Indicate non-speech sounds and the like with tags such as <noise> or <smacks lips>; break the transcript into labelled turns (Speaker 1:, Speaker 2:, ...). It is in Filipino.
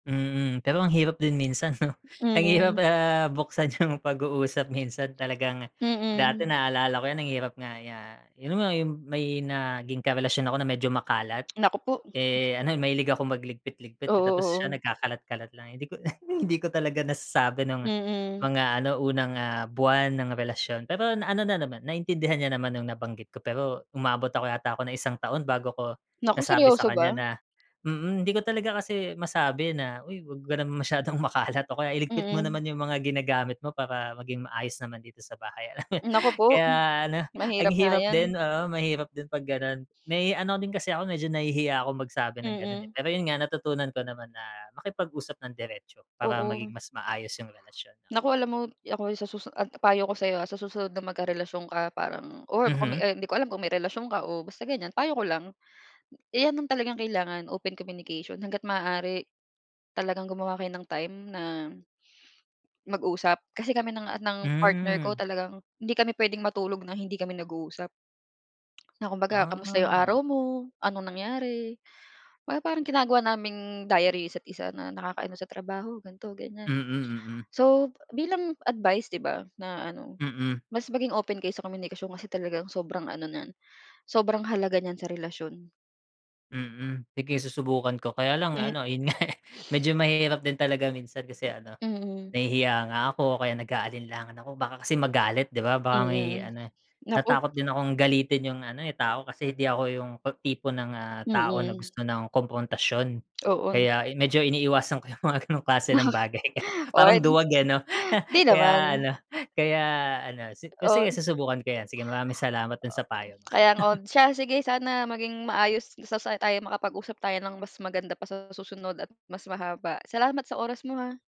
Speaker 1: Mm, pero ang hirap din minsan 'no. Ang hirap,
Speaker 2: Hmm.
Speaker 1: ah, buksan yung pag-uusap, minsan talagang dati
Speaker 2: Mm.
Speaker 1: naalala ko 'yan, ang hirap nga 'ya yung nga yung may naging karelasyon ako na medyo makalat.
Speaker 2: <clicks tongue> Naku po.
Speaker 1: Eh,
Speaker 2: <chuckles>
Speaker 1: ano, eh, mahilig akong
Speaker 2: Oo,
Speaker 1: magligpit-ligpit, eh, tapos siya
Speaker 2: oo.
Speaker 1: nagkakalat-kalat lang, eh, 'di ko na <chuckles> hindi ko talaga nasasabi nung
Speaker 2: Mm.
Speaker 1: mga ano unang, ah, buwan ng relasyon. Pero ano na naman, naintindihan niya naman nung nabanggit ko, pero umabot ako yata ako ng isang taon bago ko
Speaker 2: Naku,
Speaker 1: nasabi sa
Speaker 2: seryoso
Speaker 1: kanya
Speaker 2: ba?
Speaker 1: na mm, hindi ko talaga kasi masabi na, "uy, 'wag ka naman masyadong makalat," o kaya "iligpit mo naman
Speaker 2: Mm.
Speaker 1: yung mga ginagamit mo para maging maayos naman dito sa bahay," alam
Speaker 2: Naku po.
Speaker 1: kaya ano, ang
Speaker 2: Mahirap nga
Speaker 1: hirap
Speaker 2: 'yan.
Speaker 1: din, oo, mahirap din pag gano'n. May ano rin kasi ako, medyo nahihiya akong magsabi ng ganun, eh.
Speaker 2: Mm.
Speaker 1: Pero yun nga, natutunan ko naman na makipag-usap ng diretso para
Speaker 2: Oo.
Speaker 1: maging mas maayos yung relasyon 'no.
Speaker 2: Naku alam mo, ako ay sa susu a ang payo ko sa'yo, ah, sa susunod na magkarelasyon ka parang or kung may,
Speaker 1: Mhm.
Speaker 2: ah, hindi ko alam kung may relasyon ka o basta ganiyan, payo ko lang, iyan yung talagang kailangan, open communication, hangga't maaari talagang gumawa kayo ng time na mag-usap. Kasi kami ng a ng partner ko,
Speaker 1: Hmm.
Speaker 2: talagang hindi kami puwedeng matulog ng hindi kami nag-uusap, <smacks lips> na kumbaga kamusta yung
Speaker 1: Ah.
Speaker 2: araw mo, anong nangyari, 'baga parang ginagawa naming diary yung isa't isa na nakaka-ano sa trabaho, ganito, ganiyan.
Speaker 1: Mm, mm.
Speaker 2: So, bilang advice 'di ba, na ano,
Speaker 1: Mm.
Speaker 2: mas maging open kayo sa komunikasyon kasi talagang sobrang ano niyan, sobrang halaga niyan sa relasyon.
Speaker 1: Mm, sige susubukan ko. Kaya lang
Speaker 2: M
Speaker 1: ano, in <chuckles> eh, medyo mahirap din talaga minsan, kasi ano,
Speaker 2: Mm.
Speaker 1: nahihiya nga ako o kaya nag-aalinlangan ako baka kasi magalit, 'di ba?
Speaker 2: Mm,
Speaker 1: Baka ngay
Speaker 2: hmm.
Speaker 1: ano,
Speaker 2: Naku.
Speaker 1: natatakot din akong galitin yung ano, eh, tao kasi 'di ako yung ta tipo ng, ah, tao na
Speaker 2: Mm.
Speaker 1: gusto ng kumprontasyon.
Speaker 2: <smacks lips> Oo.
Speaker 1: Kaya i medyo iniiwasan ko yung mga gano'ng klase ng
Speaker 2: Bakit?
Speaker 1: bagay kaya parang
Speaker 2: On?
Speaker 1: duwag, eh, 'no.
Speaker 2: 'di
Speaker 1: <chuckles> Kaya
Speaker 2: naman.
Speaker 1: ano <chuckles> kaya ano si
Speaker 2: Oh,
Speaker 1: sige susubukan ko 'yan. Sige, maraming salamat dun sa payo mo.
Speaker 2: Kaya nga, o
Speaker 1: <chuckles>
Speaker 2: siya sige, sana maging maayos sa sana tayo makapag-usap tayo ng mas maganda pa sa susunod at mas mahaba. Salamat sa oras mo, ha.